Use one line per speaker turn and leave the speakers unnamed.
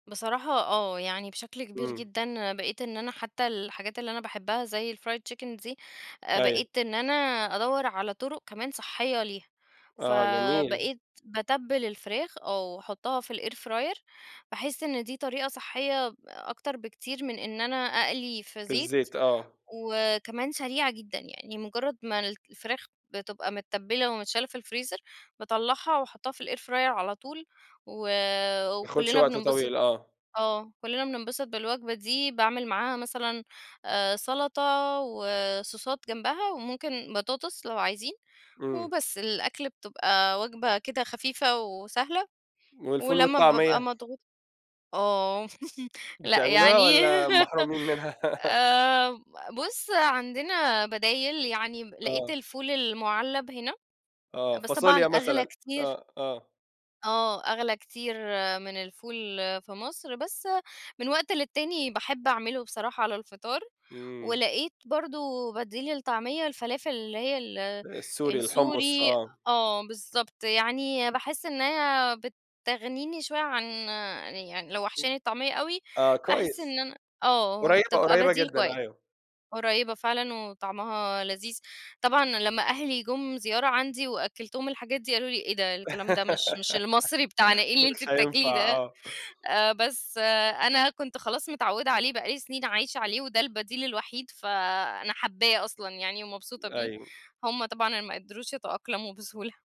بصراحة آه، يعني بشكل كبير
إمم.
جدًا أنا بقيت إن أنا حتى الحاجات اللي أنا باحبها زي ال fried chicken دي، آآ
أيوه.
بقيت إن أنا أدوّر على طرق كمان صحية ليها،
آه جميل.
فبقيت باتبّل الفراخ آه وأحطها في الairfryer، باحس إن دي طريقة صحية أكتر بكتير من إن أنا أقلي في
في
زيت
الزيت آه.
وكمان سريعة جدًا، يعني مجرد ما الفراخ بتبقى متتبلة ومتشالة في الفريزر، باطلعها وأحطها في ال airfryer على طول و
بياخدش
وكلنا
وقت
بننبسط.
طويل آه.
آه كلنا بننبسط بالوجبة دي، باعمل معاها مثلًا آآ سلطة وصوصات جنبها، وممكن بطاطس لو عايزين،
إمم.
وبس الأكل بتبقى وجبة كده خفيفة وسهلة،
والفول
ولما بابقى
والطعمية؟
مضغو آه لأ
بتعملوها،
يعني.
والّا محرومين منها؟
آآ بُص عندنا بدايل، يعني لقيت
آه.
الفول المُعلّب هنا،
آه
بس طبعًا
فاصوليا
أغلى
مثلًا،
كتير.
آه، آه.
آه أغلى كتير من الفول في مصر، بس من وقت للتاني باحب أعمله بصراحة على الفطار،
إمم.
ولقيت برضه بديل للطعمية الفلافل اللي هي ال
السوري الحمص،
السوري.
آه.
آه بالضبط، يعني باحس إن هي بتغنيني شوية عن يعني لو وحشاني الطعمية أوي،
آه
باحس
كويس،
إن أنا آه
قريّبة
بتبقى
قريّبة
بديل
جدًا
كويس.
أيوه.
قريّبة فعلًا وطعمها لذيذ، طبعًا لما أهلي جُم زيارة عندي وأكّلتهم الحاجات دي قالوا لي: "إيه ده؟! الكلام ده مش مش المصري بتاعنا إيه اللي أنتِ
مش
بتاكليه
هينفع،
ده؟"
آه.
آآ بس أنا كنت خلاص متعوّدة عليه بقى لي سنين عايشة عليه وده البديل الوحيد، فأنا حابّاه أصلًا يعني ومبسوطة بيه،
أيوه.
هم طبعًا ما قدروش يتأقلموا بسهولة.